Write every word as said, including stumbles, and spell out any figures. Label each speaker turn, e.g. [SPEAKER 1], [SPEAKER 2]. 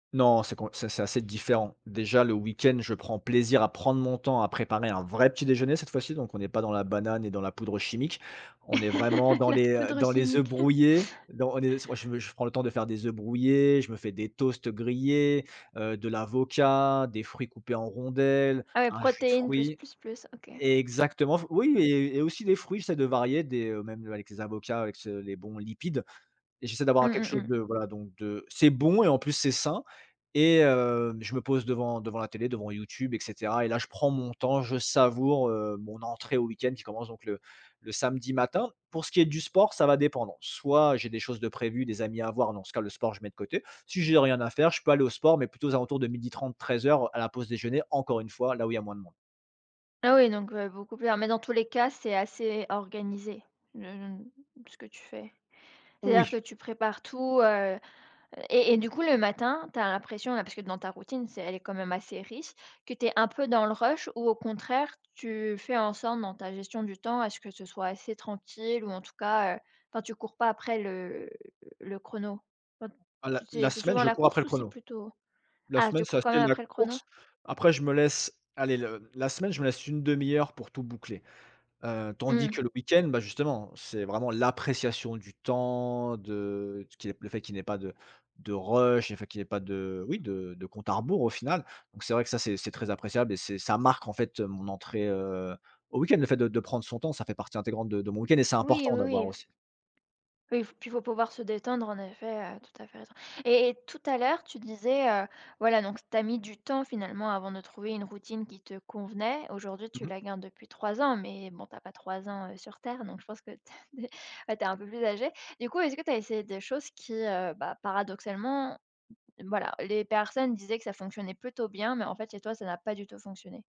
[SPEAKER 1] Non, c'est com c'est c'est assez différent. Déjà le week-end, je prends plaisir à prendre mon temps à préparer un vrai petit déjeuner cette fois-ci. Donc on est pas dans la banane et dans la poudre chimique. On est vraiment dans
[SPEAKER 2] La
[SPEAKER 1] les, heu,
[SPEAKER 2] poudre
[SPEAKER 1] dans les œufs
[SPEAKER 2] chimique.
[SPEAKER 1] brouillés. Don on est s moi je je prends le temps de faire des œufs brouillés, je me fais des toasts grillés, heu, de l'avocat, des fruits coupés en rondelles,
[SPEAKER 2] Ah ouais
[SPEAKER 1] un jus de
[SPEAKER 2] protéines plus,
[SPEAKER 1] fruit.
[SPEAKER 2] plus, plus, OK.
[SPEAKER 1] Exactement f oui et et aussi des fruits, j'essaient de varier des, heu, même, heu, avec les avocats, avec ce les bons lipides et j'essaie
[SPEAKER 2] Mmh,
[SPEAKER 1] d'avoir quelque
[SPEAKER 2] mmh
[SPEAKER 1] chose
[SPEAKER 2] mh.
[SPEAKER 1] de, voilà, donc, de c'est bon et en plus c'est sain et heu, je me pose devant devant la télé, devant YouTube et cetera et là je prends mon temps. Je savoure, heu, mon entrée au week-end qui commence donc, le le samedi matin. Pour ce qui est du sport, ça va dépendre. Soit j'ai des choses de prévues, des amis à avoir, dans ce cas le sport je mets de côté. Si j'ai rien à faire, je peux aller au sport, mais plutôt aux alentours de midi trente-treize heures à la pause déjeuner, encore une fois, là où il y moins de monde.
[SPEAKER 2] Ah oui, donc, heu beaucoup plus ah mais dans tous les cas c'est assez organisé, le le, mmh ce que tu fais? C'est-à-dire
[SPEAKER 1] Oui.
[SPEAKER 2] que tu prépares tout, heu et et du coup le matin, tu as l'impression, là parce que dans ta routine, c'est elle est quand même assez riche, que tu es un peu dans le rush ou au contraire, tu fais en sorte dans ta gestion du temps à ce que ce soit assez tranquille ou en tout cas, heu, quand tu cours pas après le le chrono? Enfin,
[SPEAKER 1] Ah la
[SPEAKER 2] tu sais,
[SPEAKER 1] la
[SPEAKER 2] c'est
[SPEAKER 1] semaine
[SPEAKER 2] souvent
[SPEAKER 1] je
[SPEAKER 2] la
[SPEAKER 1] cours après
[SPEAKER 2] course?
[SPEAKER 1] le
[SPEAKER 2] Ou c'est
[SPEAKER 1] chrono.
[SPEAKER 2] plutôt
[SPEAKER 1] La
[SPEAKER 2] ah
[SPEAKER 1] semaine
[SPEAKER 2] tu
[SPEAKER 1] c'est
[SPEAKER 2] cours quand
[SPEAKER 1] assez
[SPEAKER 2] même
[SPEAKER 1] la
[SPEAKER 2] après le chrono?
[SPEAKER 1] course, après je me laisse, allez le la semaine je me laisse une demi heure pour tout boucler. Heu, Tandis
[SPEAKER 2] Mmh.
[SPEAKER 1] que le week-end, bah justement, c'est vraiment l'appréciation du temps, de ce qui n le fait qu'il n'y ait pas de de rush, le fait qu'il n'y ait pas de, oui, de de compte à rebours au final. Donc c'est vrai que ça c'est c'est très appréciable et c'est ça marque en fait mon entrée, heu, au week end. Le fait de de prendre son temps, ça fait partie intégrante de de mon week-end et c'est
[SPEAKER 2] Oui,
[SPEAKER 1] important
[SPEAKER 2] oui,
[SPEAKER 1] d'avoir
[SPEAKER 2] oui.
[SPEAKER 1] aussi.
[SPEAKER 2] Oui f puis il faut pouvoir se détendre en effet, heu, tout à fait raison et et tout à l'heure, tu disais, heu, voilà, donc tu as mis du temps finalement avant de trouver une routine qui te convenait. Aujourd'hui,
[SPEAKER 1] Mmh
[SPEAKER 2] tu
[SPEAKER 1] mh.
[SPEAKER 2] la gardes depuis trois ans, mais bon tu as pas trois ans, heu, sur terre. Donc je pense que, bah tu es un peu plus âgé. Du coup, est-ce que tu as essayé des choses qui, heu, bah, paradoxalement, voilà, les personnes disaient que ça fonctionnait plutôt bien, mais en fait chez toi, ça n'a pas du tout fonctionné?